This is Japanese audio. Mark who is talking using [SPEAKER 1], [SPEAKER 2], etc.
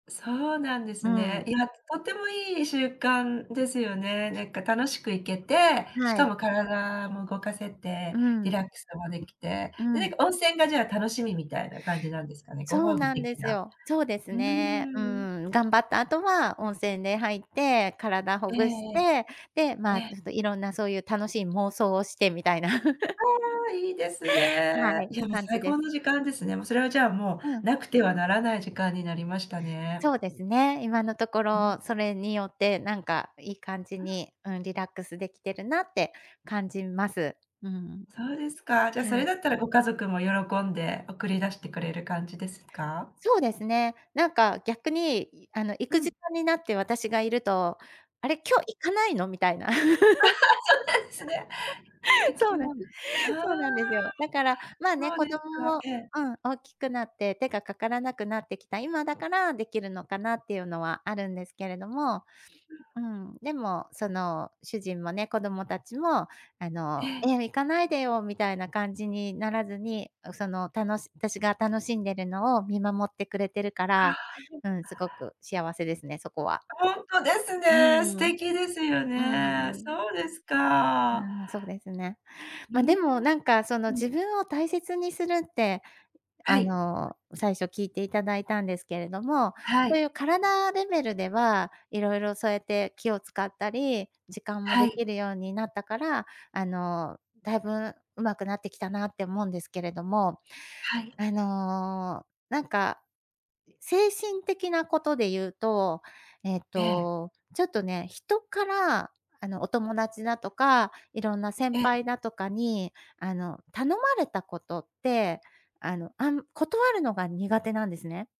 [SPEAKER 1] そうなんです
[SPEAKER 2] う
[SPEAKER 1] ね。い
[SPEAKER 2] ん。
[SPEAKER 1] や、とてもいい習慣ですよね。なんか楽しく行けて、し
[SPEAKER 2] は
[SPEAKER 1] か
[SPEAKER 2] い。
[SPEAKER 1] も体も動かせて、
[SPEAKER 2] う
[SPEAKER 1] リラ
[SPEAKER 2] ん。
[SPEAKER 1] ックスもできて、
[SPEAKER 2] う
[SPEAKER 1] で、なん
[SPEAKER 2] ん。
[SPEAKER 1] か温泉がじゃあ楽しみみたいな感じなんですかね、ご
[SPEAKER 2] そう
[SPEAKER 1] 褒美
[SPEAKER 2] なんで
[SPEAKER 1] 的
[SPEAKER 2] す
[SPEAKER 1] な。
[SPEAKER 2] よ。そうです
[SPEAKER 1] うー
[SPEAKER 2] ね。う
[SPEAKER 1] ん。
[SPEAKER 2] ん、頑張った後は温泉で入って、体
[SPEAKER 1] え
[SPEAKER 2] ほぐして、で、
[SPEAKER 1] え。
[SPEAKER 2] ま、ち
[SPEAKER 1] え。
[SPEAKER 2] ょっといろんなそういう楽しい妄想をして、みたいな。
[SPEAKER 1] ああ、いいです ね。
[SPEAKER 2] はい。
[SPEAKER 1] いや、もう
[SPEAKER 2] 感じ
[SPEAKER 1] 最
[SPEAKER 2] で
[SPEAKER 1] 高
[SPEAKER 2] す。
[SPEAKER 1] の時間ですね。もうそれはじゃあ、も
[SPEAKER 2] うん。
[SPEAKER 1] うなくてはならない時間になりましたね。
[SPEAKER 2] そうですね。今のとこ ろ、それによってなんかいい感じ に、うん、リラックスできてるなって感じます。うん。
[SPEAKER 1] そうですか。じゃ、
[SPEAKER 2] は
[SPEAKER 1] それ
[SPEAKER 2] い。
[SPEAKER 1] だったらご家族も喜んで送り出してくれる感じですか？
[SPEAKER 2] そうですね。なんか逆に、あの行
[SPEAKER 1] う
[SPEAKER 2] く時
[SPEAKER 1] ん。
[SPEAKER 2] 間になって私がいると「あれ、今日行かないの？」みたいな。
[SPEAKER 1] そうなんですね。って、気
[SPEAKER 2] そう
[SPEAKER 1] に
[SPEAKER 2] なん
[SPEAKER 1] なる。ああ。
[SPEAKER 2] そうなんですよ。だから、まあね、
[SPEAKER 1] そうで
[SPEAKER 2] 子
[SPEAKER 1] す
[SPEAKER 2] 供
[SPEAKER 1] か、
[SPEAKER 2] も、
[SPEAKER 1] ええ。
[SPEAKER 2] うん、大きくなって、手がかからなくなってきた、今だからできるのかなっていうのはあるんですけれども、うん、でも、その主人もね、子供たちも、あ
[SPEAKER 1] え
[SPEAKER 2] の、
[SPEAKER 1] え。
[SPEAKER 2] ええ、行かないでよみたいな感じにならずに、その、たのし私が楽しんでるのを見守ってくれてるか
[SPEAKER 1] あ
[SPEAKER 2] ら、
[SPEAKER 1] あ。
[SPEAKER 2] うん、すごく幸せですね、そこは。
[SPEAKER 1] ほんとです
[SPEAKER 2] う
[SPEAKER 1] ね。素
[SPEAKER 2] ーん。
[SPEAKER 1] 敵ですよ
[SPEAKER 2] うん
[SPEAKER 1] ね。
[SPEAKER 2] うん。
[SPEAKER 1] そうですか。
[SPEAKER 2] うん、そうですね。
[SPEAKER 1] うー
[SPEAKER 2] ま、
[SPEAKER 1] ん、
[SPEAKER 2] でも、なんかその
[SPEAKER 1] ふん。
[SPEAKER 2] 自分を大切にするって、
[SPEAKER 1] は
[SPEAKER 2] あ
[SPEAKER 1] い。
[SPEAKER 2] の最初聞いていただいたんですけれども、
[SPEAKER 1] は
[SPEAKER 2] そう
[SPEAKER 1] い。
[SPEAKER 2] いう体レベルでは、いろいろそうやって気を使ったり、時間も
[SPEAKER 1] は
[SPEAKER 2] で
[SPEAKER 1] い。
[SPEAKER 2] きるようになったから、あの、だいぶうまくなってきたなって思うんですけれども、
[SPEAKER 1] はい。
[SPEAKER 2] あの、なんか精神的なことで言うと、ええ
[SPEAKER 1] ええ。
[SPEAKER 2] と、ちょっとね、人から、あの、お友達だとか、いろんな先
[SPEAKER 1] ええ。
[SPEAKER 2] 輩だとかに、あの、頼まれたことって、あの、あん断るのが苦手なんですね。